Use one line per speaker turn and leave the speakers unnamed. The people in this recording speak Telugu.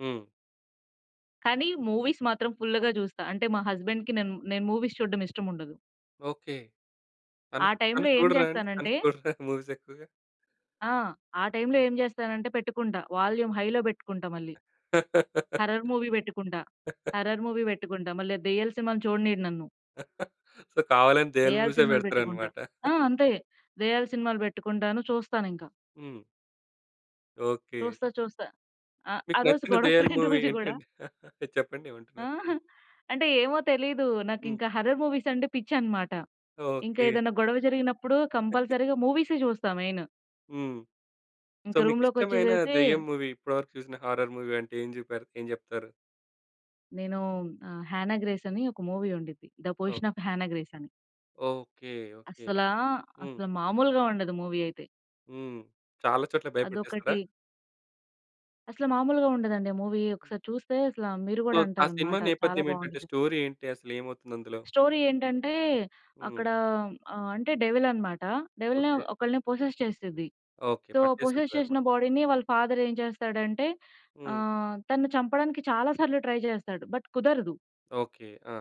హ్మ్.
కానీ మూవీస్ మాత్రం ఫుల్‌గా చూస్తా. అంటే మా హస్బెండ్‌కి నేను, నేను మూవీస్ చూడ్డం ఇష్టం ఉండదు.
ఓకే.
ఆ!
తను, తను
టైమ్‌లో ఏం
చూడరా అండి? తను
చేస్తానంటే
చూడరా మూవీస్ ఎక్కువగా?
ఆ! ఆ టైమ్‌లో ఏం చేస్తానంటే పెట్టుకుంటా వాల్యూమ్ హైలో పెట్టుకుంటా మళ్ళీ. హారర్ మూవీ పెట్టుకుంటా. హారర్ మూవీ పెట్టుకుంటా మళ్ళా ఆ దెయ్యాలు సినిమాలు చూడనియ్యడు నన్ను.
సో కావాలని దెయ్యాల
దెయ్యాలు
మూవీ‌సే
సినిమాలు పెట్టుకుంటా.
పెడతారన్నమాట.
ఆ! అంతే. దెయ్యాలు సినిమాలు పెట్టుకుంటాను చూస్తానింకా.
హ్మ్. ఓకే.
చూస్తా. చూస్తా. అ ఆ
మీకు
రోజు
నచ్చిన దెయ్యాల
గొడవపడిన
మూవీ
రోజు గూడా.
ఏంటండి? చెప్పండి
ఆ!
ఏమంటున్నారు?
అంటే ఏమో తెలీదు. నాకు
హ్మ్.
ఇంకా హారర్ మూవీస్ అంటే పిచ్చి అన్నమాట. ఇంకా
ఓకే.
ఏదైనా గొడవ జరిగినప్పుడు కంపల్సరీగా మూవీ‌సే జూస్తా మెయిన్.
హ్మ్. సో
ఇంకా
మీకు ఇష్టమైన
రూమ్‌‌లోకొచ్చేసేసి
దెయ్యం మూవీ ఇప్పటివరకు చూసిన హారర్ మూవీ అంటే ఏం జెపారు ఏం చెప్తారు?
నేను ఆ 'హేనా గ్రేస్' అని ఒక మూవీ ఉండిద్ది. 'The
oh!
Possession of Hannah Grace' అని.
ఓకే. ఓకే.
అసలా?
హ్మ్.
అసలు మామూలుగా ఉండదు మూవీ అయితే.
హ్మ్. చాలా చోట్ల భయపెట్టేస్తాడా?
అదొకటి. అసల మామూలుగా ఉండదండి మూవీ. ఒకసారి చూస్తే అసలా మీరు
సో
కూడా
ఆ సినిమా
అంటారన్నమాట చాలా
నేపథ్యం ఏంటంటే
బావుండ్డిది.
స్టోరీ ఏంటి? అసలు ఏమవుతుంది అందులో?
స్టోరీ ఏంటంటే
హ్మ్.
అక్కడ ఆహ్, అంటే డెవిల్ అన్నమాట. డెవిల్‌ని
ఓకే.
ఒకల్ని పోసెస్ చేస్తది.
ఓకే.
సో పోసెస్
పట్టేసుంటదనమాట.
చేసిన బాడీ‌ని వాళ్ళ ఫాదర్ ఏం చేస్తాడంటే
హ్మ్.
ఆహ్, తను చంపడానికి చాలాసార్లు ట్రై చేస్తాడు. బట్ కుదరదు.
ఓకే. ఆ!